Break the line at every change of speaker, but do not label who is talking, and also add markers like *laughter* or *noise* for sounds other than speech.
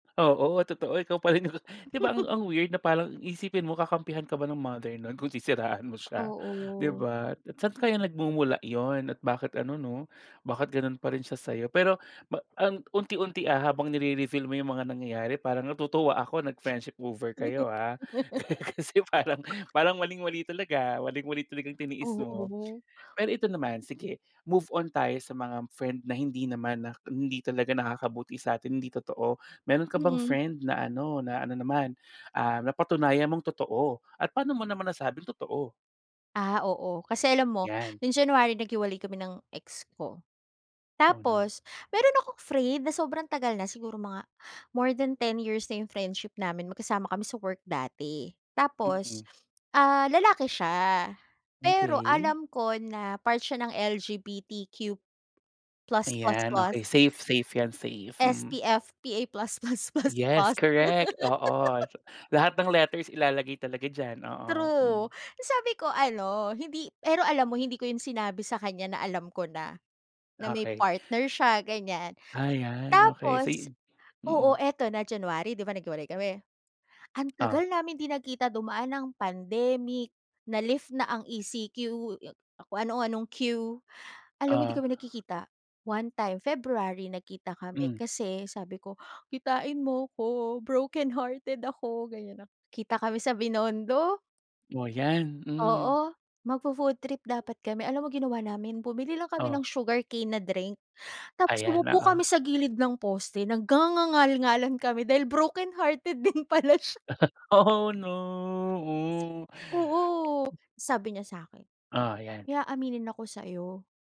Oo. Totoo ikaw pa rin 'yung 'di ba,
*chuckles*
ang ang weird na parang iisipin mo kakampihan ka ba ng mother no'n kung sisiraan mo siya? 'Di
Oo.
ba? At saan kaya nagmumula 'yon? At bakit ano, 'no, bakit ganon pa rin siya sayo? Pero pa ang unti-unti, ah, habang nire-reveal mo 'yung mga nangyayari parang natutuwa ako nag friendship over kayo, ah.
*sniffs*
*laughs* Ka kasi parang
*laughs*
parang maling-mali talaga Maling-mali talagang tiniis mo.
Oo.
Pero ito naman, sige. Move on tayo sa mga friend na hindi naman na hindi talaga nakakabuti sa atin, hindi totoo. Meron ka bang
Mm.
friend na ano na ano naman, ah, napatunayan mong totoo? At paano mo naman nasabing totoo?
Ah, oo. Kasi alam mo *gasps*
'Yan.
nung January naghiwalay kami ng ex ko.
Oh, no.
Tapos meron akong friend na sobrang tagal na siguro mga *gasps* more than 10 years na 'yung friendship namin magkasama kami sa work dati. Tapos,
Mm.
*sniffs* ah, lalaki siya. Pero
Okey.
alam ko na part siya ng L-G-B-T-Q plus plus
Ayan,
plus.
okey safe safe 'yan, safe. Mhm.
SPF PA plus plus plus
Yes.
plus.
Correct. Oo. Lahat ng
*laughs*
letters ilalagay talaga dyan, oo.
True.
Hmm.
Sabi ko ano hindi pero alam mo hindi ko 'yon sinabi sa kanya na alam ko na, na may
Okey.
partner siya, ganyan.
Ah, 'yan okey sey
Tapos
e. Mm.
Oo ito na January, 'di ba, naghiwalay kami? Ang tagal
Ah.
namin 'di nagkita dumaan ng pandemic, na lift na ang E-C-Q, kung ano anong Q. Alam mo hindi
Oh.
kami nagkikita. One time, February nagkita kami
Hmm.
kasi sabi ko, "Kitain mo ko brokenhearted ako." ganyan. Kita kami sa Binondo.
Oh, 'yan. Hmm.
Oo. Magfo-food trip dapat kami. Alam mo ginawa namin? Bumili lang kami ng
Oh.
sugarcane na drink, *gasps* tapos
Ayan,
umupo
oo.
kami sa gilid ng poste nagngangangal-ngalan kami dahil brokenhearted din pala sya.
*chuckles* Oh, no. Oh!
Oo. Sabi niya sa akin,
Oh, ayan.
"May aaminin ako sa'yo."